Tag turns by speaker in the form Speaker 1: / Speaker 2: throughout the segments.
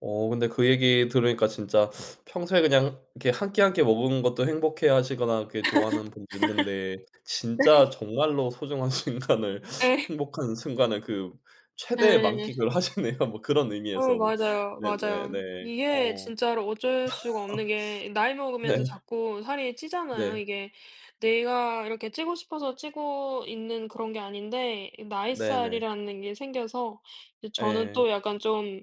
Speaker 1: 어 근데 그 얘기 들으니까 진짜 평소에 그냥 이렇게 1 끼, 1 끼 먹은 것도 행복해 하시거나 그 좋아하는 분도 있는데 진짜 정말로 소중한 순간을
Speaker 2: 예.
Speaker 1: 행복한 순간을 그 최대의
Speaker 2: 예.
Speaker 1: 만끽을 하시네요. 뭐 그런
Speaker 2: 어
Speaker 1: 의미에서 뭐
Speaker 2: 맞아요. 맞아요.
Speaker 1: 네네네.
Speaker 2: 이게
Speaker 1: 어.
Speaker 2: 진짜로 어쩔 수가 없는 게 나이
Speaker 1: 네.
Speaker 2: 먹으면서 자꾸 살이 찌잖아요.
Speaker 1: 네.
Speaker 2: 이게 내가 이렇게 찌고 싶어서 찌고 있는 그런 게 아닌데 이
Speaker 1: 네네.
Speaker 2: 나잇살이라는 게 생겨서 이제 저는 또
Speaker 1: 예.
Speaker 2: 약간 좀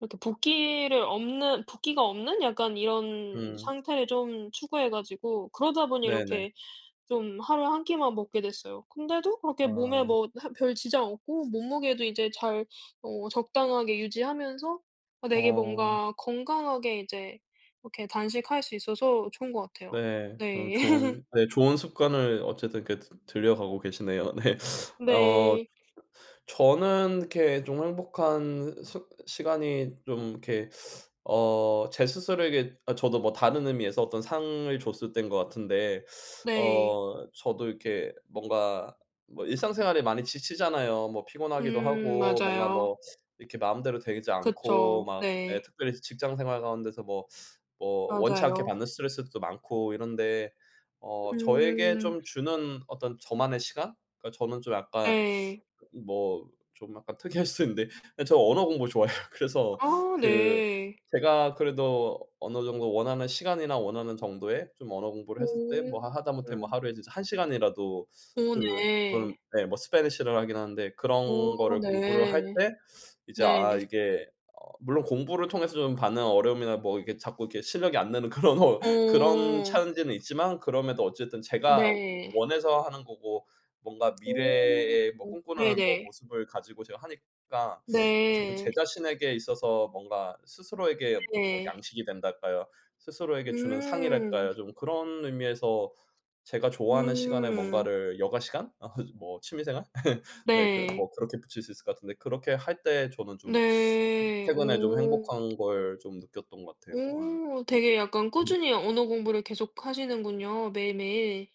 Speaker 2: 이렇게 붓기를 없는 붓기가 없는 약간 이런
Speaker 1: 음.
Speaker 2: 상태를 좀 추구해 가지고 그러다 보니
Speaker 1: 네네.
Speaker 2: 이렇게 좀 하루에 1 끼만 먹게 됐어요. 근데도 그렇게 몸에
Speaker 1: 아.
Speaker 2: 뭐 하 별 지장 없고 몸무게도 이제 잘 어 적당하게 유지하면서 어 되게
Speaker 1: 어.
Speaker 2: 뭔가 건강하게 이제 이렇게 단식할 수 있어서 좋은 것 같아요.
Speaker 1: 네. 어
Speaker 2: 네.
Speaker 1: 좋은 예 좋은 습관을 어쨌든 그 들여가고 계시네요. 네. 어.
Speaker 2: 네.
Speaker 1: 저는 이렇게 좀 행복한 스 시간이 좀 이렇게 어 제 스스로에게 어 저도 뭐 다른 의미에서 어떤 상을 줬을 때인 것 같은데
Speaker 2: 네.
Speaker 1: 어 저도 이렇게 뭔가 뭐 일상생활에 많이 지치잖아요. 뭐 피곤하기도
Speaker 2: 음
Speaker 1: 하고 뭔가
Speaker 2: 맞아요.
Speaker 1: 뭐 이렇게 마음대로 되지 않고
Speaker 2: 그쵸.
Speaker 1: 막 예
Speaker 2: 네.
Speaker 1: 특별히 직장 생활 가운데서 뭐 뭐 원치 않게
Speaker 2: 맞아요.
Speaker 1: 받는 스트레스들도 많고 이런데 어 저에게
Speaker 2: 음.
Speaker 1: 좀 주는 어떤 저만의 시간? 그러니까 저는 좀 약간
Speaker 2: 예.
Speaker 1: 그 뭐 좀 약간 특이할 수 있는데 저 언어 공부 좋아해요. 그래서
Speaker 2: 아
Speaker 1: 그
Speaker 2: 네.
Speaker 1: 제가 그래도 어느 정도 원하는 시간이나 원하는 정도의 좀 언어 공부를
Speaker 2: 오.
Speaker 1: 했을 때 뭐 하 하다못해 뭐 하루에 이제 1 시간이라도
Speaker 2: 오
Speaker 1: 그
Speaker 2: 네.
Speaker 1: 저는 네 뭐 스패니시를 하긴 하는데
Speaker 2: 오
Speaker 1: 그런 거를 공부를 할
Speaker 2: 네.
Speaker 1: 때 이제 아
Speaker 2: 네.
Speaker 1: 이게 어 물론 공부를 통해서 좀 받는 어려움이나 뭐 이게 자꾸 이렇게 실력이 안 느는 그런 그런
Speaker 2: 어.
Speaker 1: 찬지는 있지만 그럼에도 어쨌든 제가 워
Speaker 2: 네.
Speaker 1: 원해서 하는 거고 뭔가
Speaker 2: 오
Speaker 1: 미래에 뭐 꿈꾸는 뭐
Speaker 2: 네네.
Speaker 1: 모습을 가지고 제가 하니까 어쨌든
Speaker 2: 네.
Speaker 1: 제 자신에게 있어서 뭔가 스스로에게 뭐
Speaker 2: 네.
Speaker 1: 양식이 된달까요, 스스로에게 주는
Speaker 2: 음.
Speaker 1: 상이랄까요, 좀 그런 의미에서 제가 좋아하는 시간에
Speaker 2: 음.
Speaker 1: 뭔가를 여가 시간 어 뭐 취미 생활 네 그
Speaker 2: 네.
Speaker 1: 뭐 그렇게 붙일 수 있을 것 같은데 그렇게 할 때 저는 좀, 좀
Speaker 2: 네.
Speaker 1: 최근에 좀
Speaker 2: 오.
Speaker 1: 행복한 걸 좀 느꼈던 것 같아요. 예.
Speaker 2: 오. 되게 약간
Speaker 1: 네.
Speaker 2: 꾸준히 언어 공부를 계속하시는군요 매일매일.